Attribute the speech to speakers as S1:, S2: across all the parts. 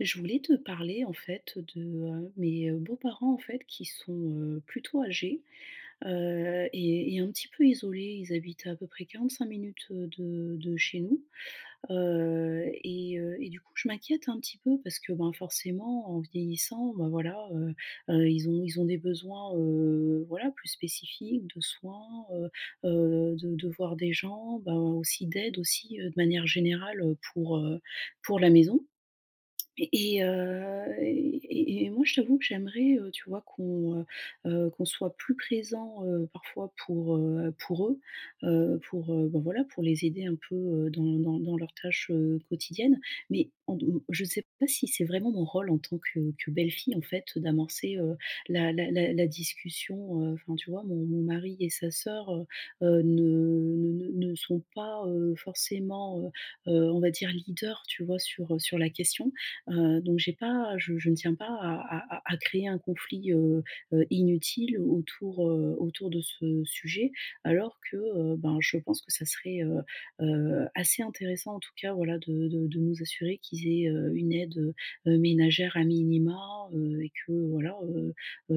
S1: Je voulais te parler en fait de, heu, mes beaux-parents en fait qui sont, heu, plutôt âgés, heu, et et un petit peu isolés, ils habitent à à peu près 45 minutes, heu, de de chez nous, heu, et heu, et du coup je m'inquiète un petit peu parce que, bah, forcément en vieillissant, ben voilà, heu, ils ont ils ont des besoins, heu, voilà plus spécifiques de soins, heu heu, de de voir des gens, bah, aussi d'aide, aussi de manière générale, heu, pour, heu, pour la maison et et heu, et et et moi je t'avoue que j'aimerais, heu, tu vois qu'on, heu heu, qu'on soit plus présent, heu, parfois pour, heu, pour eux, heu, pour, heu bah, voilà pour les aider un peu, heu, dans dans dans leurs tâches, heu, quotidiennes mais en d mmh je sais pas si c'est vraiment mon rôle en tant que que belle-fille en fait d'amorcer, heu, la la la la discussion, heu, enfin tu vois? Mon mon mari et sa sœur, heu heu, ne ne ne ne sont pas, heu, forcément, heu heu, on va dire leaders, tu vois? Sur, heu, sur la question, heu, donc j'ai pas je je ne tiens pas à à à créer un conflit, heu heu, inutile au autour, heu, autour de ce sujet alors que, heu, ben, je pense que ça serait, heu heu, assez intéressant en tout cas voilà, de de de nous assurer qu'ils aient, heu, une aide, heu, ménagère à minima, heu, et que voilà, heu,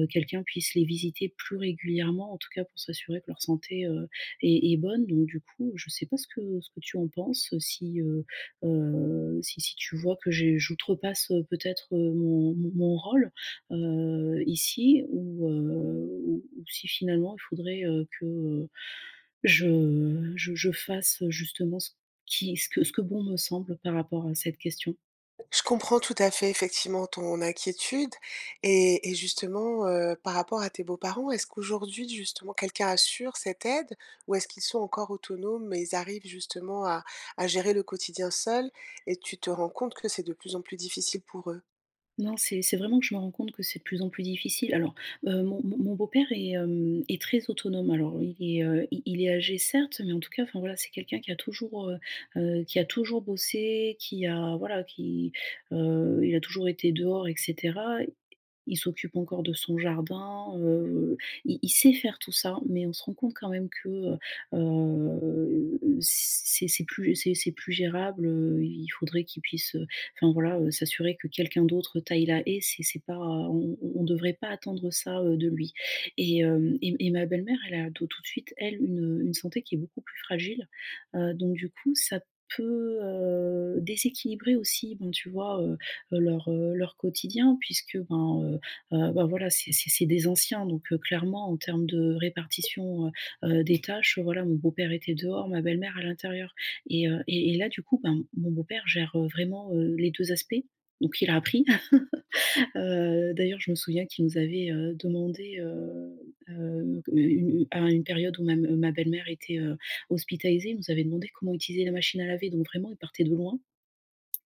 S1: quelqu'un puisse les visiter plus régulièrement en tout cas pour s'assurer que leur santé, heu, est est bonne donc du coup, je sais pas, ce que ce que tu en penses, si, heu heu, si si tu vois que je j'outrepasse peut-être mon mon mon rôle, heu, ici ou, heu, ou ou si finalement il faudrait, heu, que, heu, je, heu, je je fasse, heu, justement ce qui ce que ce que bon me semble par rapport à cette question.
S2: Je comprends, tout à fait, effectivement, ton inquiétude et et justement, heu, par rapport à tes beaux-parents, est-ce qu'aujourd'hui, justement, quelqu'un assure cette aide? Ou est-ce qu'ils sont encore autonomes, et ils arrivent, justement, à à gérer le quotidien seuls? Et tu te rends compte que c'est de plus en plus difficile pour eux?
S1: Non, c'est c'est vraiment que je me rends compte que c'est de plus en plus difficile. Alors, heu, mon mon mon beau-père est, hem, est très autonome, alors, heu, il est, heu, il il est âgé, certes, mais en tout cas, enfin, voilà, c'est quelqu'un qui a toujours, heu heu, qui a toujours bossé, qui a, voilà, qui, heu, il a toujours été dehors, et cetera. Il s'occupe encore de son jardin, heu, il il sait faire tout ça. Mais on se rend compte quand même que, heu heu, c'est c'est plus c'est c'est plus gérable, heu, i il faudrait qu'il puisse, heu, enfin, voilà, heu, s'assurer que quelqu'un d'autre taille la haie. C'est c'est pas on on on devrait pas attendre ça, heu, de lui. Et hem, et et ma belle-mère, elle a tout tout de suite, elle, une une santé qui est beaucoup plus fragile. Heu, donc du coup, ça peut, heu, déséquilibrer aussi, bon, tu vois, heu heu, leur, heu, leur quotidien, puisque, ben, heu, bah bah, voilà, c'est c'est c'est des anciens. Donc heu, clairement, en termes de répartition, heu heu, des tâches, heu, voilà mon beau-père était dehors, ma belle-mère, à l'intérieur et heu, et et là, du coup, ben, m mon beau-père gère, heu, vraiment, heu, les 2 aspects. Donc il a appris. Heu, d'ailleurs, je me souviens qu'il nous avait, heu, demandé, heu heu, une une à 1 période où ma ma belle-mère était, heu, hospitalisée, il nous avait demandé comment utiliser la machine à laver, donc vraiment, il partait de loin.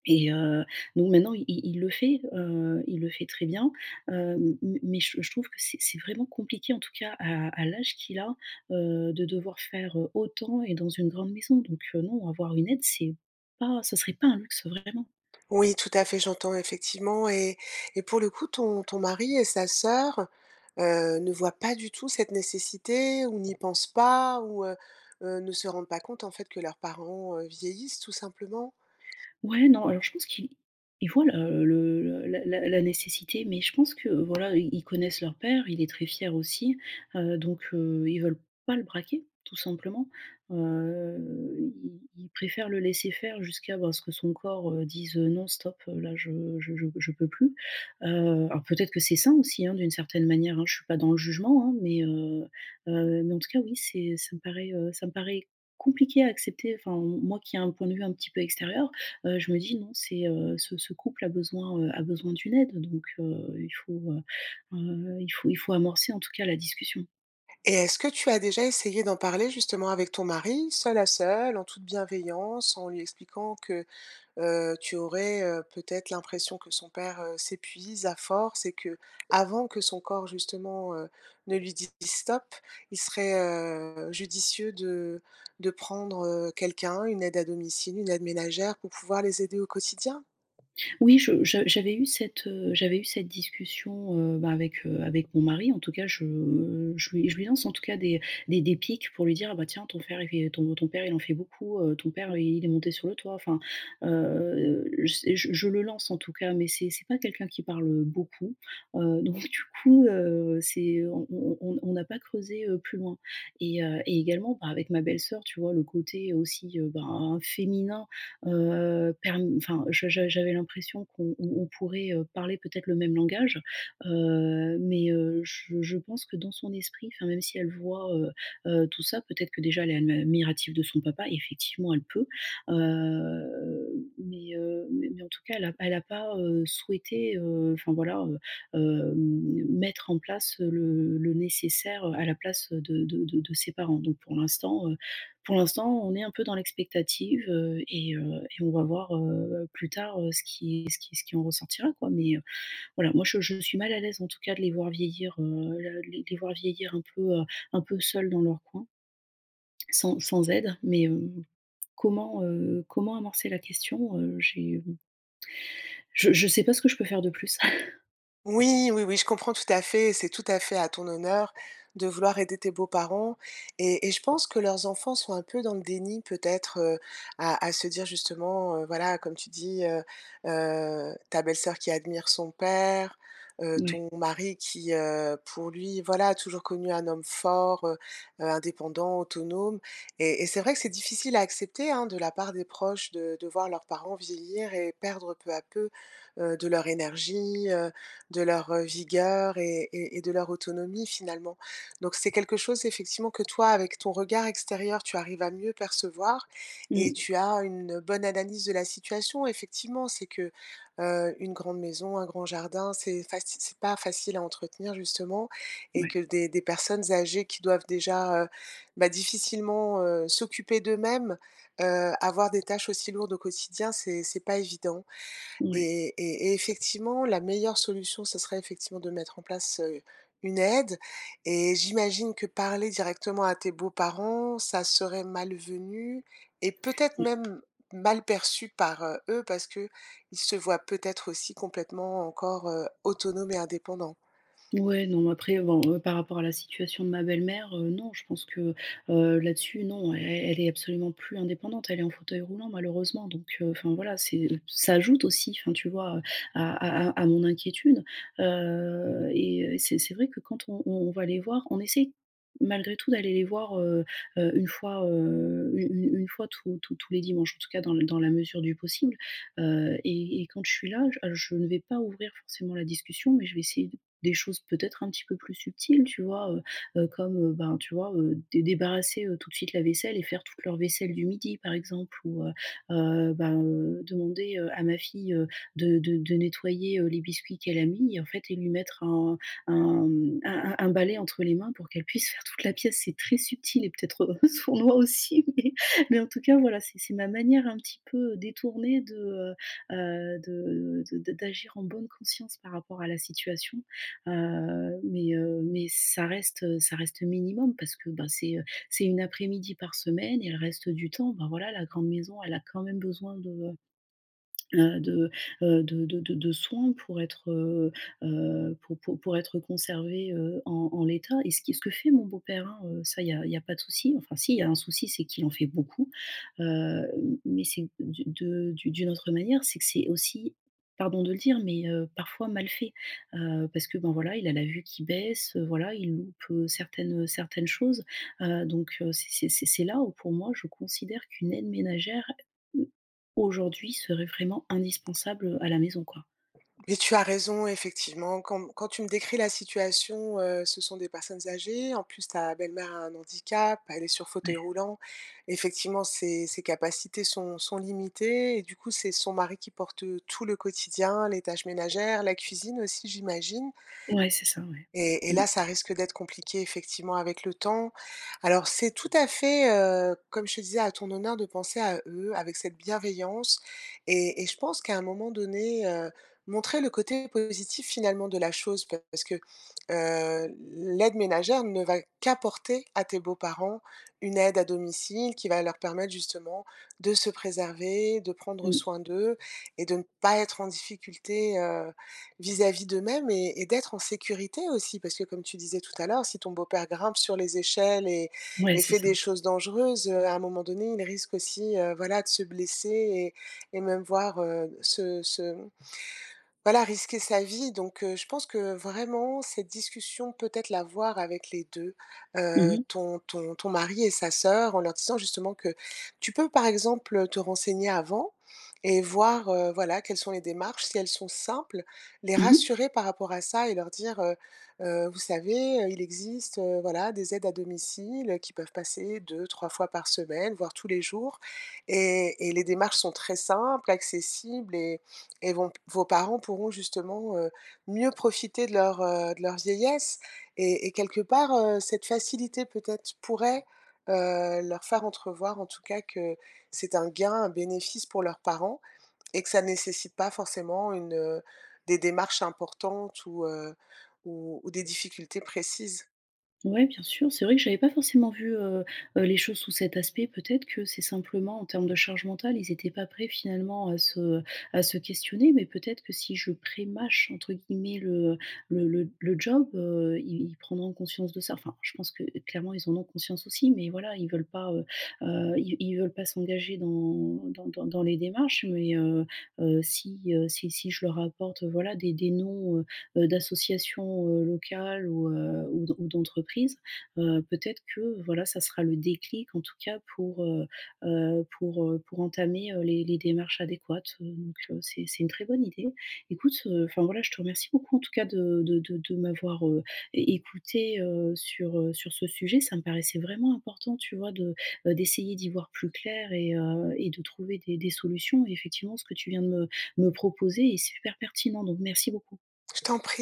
S1: Et heu, donc maintenant, il il le fait, heu, il le fait très bien. Heu, m mais mais, heu, je trouve que c'est c'est vraiment compliqué, en tout cas, à à l'âge qu'il a, heu, de devoir faire, heu, autant et dans une grande maison. Donc heu, non, avoir une aide, c'est pas ce serait pas un luxe, vraiment.
S2: Oui, tout à fait, j'entends effectivement et et pour le coup, ton ton mari et sa soeur, heu, ne voient pas du tout cette nécessité ou n'y pensent pas, ou heu heu, ne se rendent pas compte, en fait, que leurs parents, heu, vieillissent tout simplement?
S1: Ouais, non alors je pense qu'ils ils voient, heu, le la la la nécessité, mais je pense que, voilà, ils ils connaissent leur père, il est très fier aussi, heu, donc heu, ils veulent pas le braquer, tout simplement. Heu, ils ils préfèrent le laisser faire jusqu'à, bah, ce que son corps, heu, dise: «Non, stop, là, je je je je peux plus». Heu, alors, peut-être que c'est sain aussi, hein, d'une certaine manière, hein. Je suis pas dans le jugement, hein. Mais heu heu, mais en tout cas, oui, c'est ça me paraît, heu, ça me paraît compliqué à accepter. Enfin, m moi qui a un point de vue un petit peu extérieur, heu, je me dis: «Non, c'est, heu, ce ce couple a besoin, heu, a besoin d'une aide, donc heu, il faut heu heu, il faut il faut amorcer, en tout cas, la discussion.
S2: Et est-ce que tu as déjà essayé d'en parler, justement, avec ton mari, seuls à seuls, en toute bienveillance, en lui expliquant que, heu, tu aurais, heu, peut-être l'impression que son père, heu, s'épuise à force et qu'avant que son corps, justement, heu, ne lui dise: «Stop», il serait, heu, judicieux de de prendre, heu, quelqu'un, une aide à domicile, une aide ménagère, pour pouvoir les aider au quotidien?
S1: Oui, je je j'avais eu cette, heu, j'avais eu cette discussion, heu, bah, avec, heu, avec mon mari. En tout cas, je je lui je lui lance, en tout cas, des des des pics pour lui dire: «Ah bah tiens, ton frère, il fait ton ton père, il en fait beaucoup, heu, ton père, heu, il est monté sur le toit», enfin, heu, c'est je je le lance en tout cas. Mais, c'est c'est pas quelqu'un qui parle, heu, beaucoup, heu, donc du coup, heu, c'est on on on on n'a pas creusé, heu, plus loin. Et heu, et également, bah, avec ma belle-soeur, tu vois, le côté aussi, heu, ben, hein, féminin, heu, perm enfin, je je j'a j'avais l'impression qu'on on pourrait, heu, parler, peut-être, le même langage. Heu, mais, heu, je je pense que dans son esprit, enfin, même si elle voit, heu heu, tout ça, peut-être que, déjà, elle est ad admirative de son papa, effectivement, elle peut. Hem, mais, heu, mais mais en tout cas, elle a pas elle a pas, heu, souhaité, heu, enfin, voilà, heu, hem, mettre en place le le nécessaire, heu, à la place de de de de ses parents. Donc, pour l'instant, heu, pour l'instant, on est un peu dans l'expectative, heu, et heu, et on va voir, heu, plus tard, heu, ce qui ce qui ce qui en ressortira, quoi. Mais, heu, voilà, moi je je suis mal à l'aise, en tout cas, de les voir vieillir, heu, le les voir vieillir un peu, heu, un peu seuls dans leur coin sans sans aide, mais, hem, comment, heu, comment amorcer la question? Heu, j'ai mmh Je je sais pas ce que je peux faire de plus.
S2: Oui, oui, oui, je comprends tout à fait, c'est tout à fait à ton honneur de vouloir aider tes beaux-parents et et je pense que leurs enfants sont un peu dans le déni peut-être, heu, à à se dire justement, heu, voilà comme tu dis, heu heu, ta belle-sœur qui admire son père, heu,
S1: Mouais.
S2: ton mari qui, heu, pour lui, voilà, a toujours connu un homme fort, heu heu, indépendant, autonome. Et et c'est vrai que c'est difficile à accepter, hein, de la part des proches de de voir leurs parents vieillir et perdre peu à peu, heu, de leur énergie, heu, de leur, heu, vigueur et et et de leur autonomie finalement. Donc c'est quelque chose effectivement que toi avec ton regard extérieur, tu arrives à mieux percevoir, et
S1: Mmh.
S2: tu as une bonne analyse de la situation effectivement. C'est que, heu, une grande maison, un grand jardin, c'est faci c'est pas facile à entretenir justement, et
S1: Ouais.
S2: que des des personnes âgées qui doivent déjà, heu, bah difficilement, heu, s'occuper d'eux-mêmes, heu, avoir des tâches aussi lourdes au quotidien, c'est c'est pas évident.
S1: Ouais.
S2: Et et et effectivement la meilleure solution ça serait effectivement de mettre en place, heu, une aide. Et j'imagine que parler directement à tes beaux-parents, ça serait malvenu et peut-être
S1: Ouais.
S2: même, mal perçu par, heu, eux parce qu'ils se voient peut-être aussi complètement encore, heu, autonomes et indépendants.
S1: Mouais, non mais après, heu, bon, heu, par rapport à la situation de ma belle-mère, heu, non, je pense que, heu, là-dessus, non, e elle est absolument plus indépendante. Elle est en fauteuil roulant malheureusement donc, heu, enfin voilà, c'est heu, ça ajoute aussi, enfin tu vois, heu, à à à, à mon inquiétude. Heu, et heu, et c'est c'est vrai que quand on on va les voir, on essaie, malgré tout d'aller les voir, heu heu, 1 fois, heu, u une une fois tous tous tous les dimanches, en tout cas dans l dans la mesure du possible. Heu, et et quand je suis là j heu, je ne vais pas ouvrir forcément la discussion, mais je vais essayer d des choses peut-être un petit peu plus subtiles, tu vois, heu heu, comme, heu, ben tu vois, heu, dé débarrasser, heu, tout de suite la vaisselle et faire toute leur vaisselle du midi par exemple, ou, heu heu, ben, heu, demander, heu, à ma fille, heu, de de de nettoyer, heu, les biscuits qu'elle a mis et en fait et lui mettre un un, mmh, un un un balai entre les mains pour qu'elle puisse faire toute la pièce, c'est très subtil et peut-être, heu, sournois aussi mais mais en tout cas voilà, c'est c'est ma manière un petit peu détournée de, heu heu, de de d'agir en bonne conscience par rapport à la situation. Heu, mais, heu, mais ça reste, heu, ça reste, heu, minimum parce que ben c'est, heu, c'est une après-midi par semaine et elle reste du temps, ben voilà, la grande maison, elle a quand même besoin de, heu heu, de, heu, de de de de soin pour être, heu heu, pour pour pour être conservée, heu, en en l'état. Et ce qui ce que fait mon beau-père hein, heu, ça il y a il y a pas de souci enfin s'il y a un souci, c'est qu'il en fait beaucoup. Heu, m mais c'est du de d'u d'une autre manière, c'est que c'est aussi, pardon de le dire, mais, heu, parfois mal fait, heu, parce que ben voilà, il a la vue qui baisse, heu, voilà, il loupe, heu, certaines, heu, certaines choses, heu, donc, heu, c'est c'est c'est c'est là où pour moi je considère qu'une aide ménagère, mmh, aujourd'hui serait vraiment indispensable, heu, à la maison, quoi.
S2: Mais tu as raison effectivement, quand m quand tu me décris la situation, heu, ce sont des personnes âgées, en plus ta belle-mère a un handicap, elle est sur fauteuil
S1: Ouais.
S2: roulant, effectivement ses ses capacités sont sont limitées et du coup, c'est son mari qui porte, heu, tout le quotidien, les tâches ménagères, la cuisine aussi, j'imagine?
S1: Ouais, c'est ça, ouais.
S2: Et et
S1: Mmh.
S2: là ça risque d'être compliqué, effectivement, avec le temps. Alors, c'est tout à fait, heu, comme je te disais, à ton honneur de penser à eux, avec cette bienveillance, et et je pense qu'à un moment donné, heu, montrer le côté positif, finalement, de la chose parce que, heu, l'aide ménagère ne va qu'apporter à tes beaux-parents une aide à domicile qui va leur permettre, justement, de se préserver, de prendre
S1: Mmh.
S2: soin d'eux et de ne pas être en difficulté, heu, vis-à-vis d'eux-mêmes et et d'être en sécurité, aussi. Parce que, comme tu disais tout à l'heure, si ton beau-père grimpe sur les échelles et
S1: Ouais,
S2: et
S1: c'est
S2: fait
S1: ça.
S2: des choses dangereuses, heu, à un moment donné, il risque aussi, heu, voilà, de se blesser et et même, voire, heu, d se se, mmh, voilà, risquer sa vie, donc, heu, je pense que vraiment cette discussion, peut-être l'avoir avec les 2,
S1: Mmh
S2: heu,
S1: mh.
S2: ton ton ton mari et sa sœur, en leur disant, justement, que tu peux, par exemple, heu, te renseigner avant et voir, heu, voilà, quelles sont les démarches si elles sont simples, les
S1: Mmh mh.
S2: rassurer par rapport à ça et leur dire, heu: «Heu, vous savez, heu, il existe, heu, voilà, des aides à domicile, heu, qui peuvent passer 2-3 fois par semaine, voire tous les jours, et et les démarches sont très simples, accessibles, et et vont p vos parents pourront, justement, heu, mieux profiter de leur, heu, de leur vieillesse» et et quelque part, heu, cette facilité peut-être pourrait, heu, leur faire entrevoir en tout cas que c'est un gain, un bénéfice pour leurs parents et que ça nécessite pas forcément une, heu, des démarches importantes ou heu, ou ou des difficultés précises.
S1: Ouais, bien sûr, c'est vrai que j'avais pas forcément vu, heu heu, les choses sous cet aspect. Peut-être que c'est simplement en termes de charge mentale, ils étaient pas prêts, finalement, à se, heu, à se questionner, mais peut-être que si je «prémâche» entre guillemets le le le d le job, heu, ils ils prendront conscience de ça. Enfin, je pense que, heu, clairement ils en ont conscience aussi, mais voilà, ils veulent pas, heu heu, ils v ils veulent pas s'engager dans dans dans dans les démarches, mais heu heu, si, heu, si si je leur apporte, heu, voilà des des noms, heu heu, d'associations, heu, locales ou heu, ou d'en ou d'entreprises, heu, peut-être que, voilà, ça sera le déclic, en tout cas, pour, heu heu, pour, heu, pour entamer, heu, les les démarches adéquates. Heu, donc, heu, c'est c'est une très bonne idée. Écoute, heu, enfin voilà, je te remercie beaucoup, en tout cas, de de de de m'avoir, heu, é écoutée, heu, sur, heu, sur ce sujet, ça me paraissait vraiment important, tu vois de, heu, d'essayer d'y voir plus clair et, heu, et de trouver des des solutions, et effectivement ce que tu viens de me me proposer est super pertinent, donc merci beaucoup.
S2: Je t'en prie.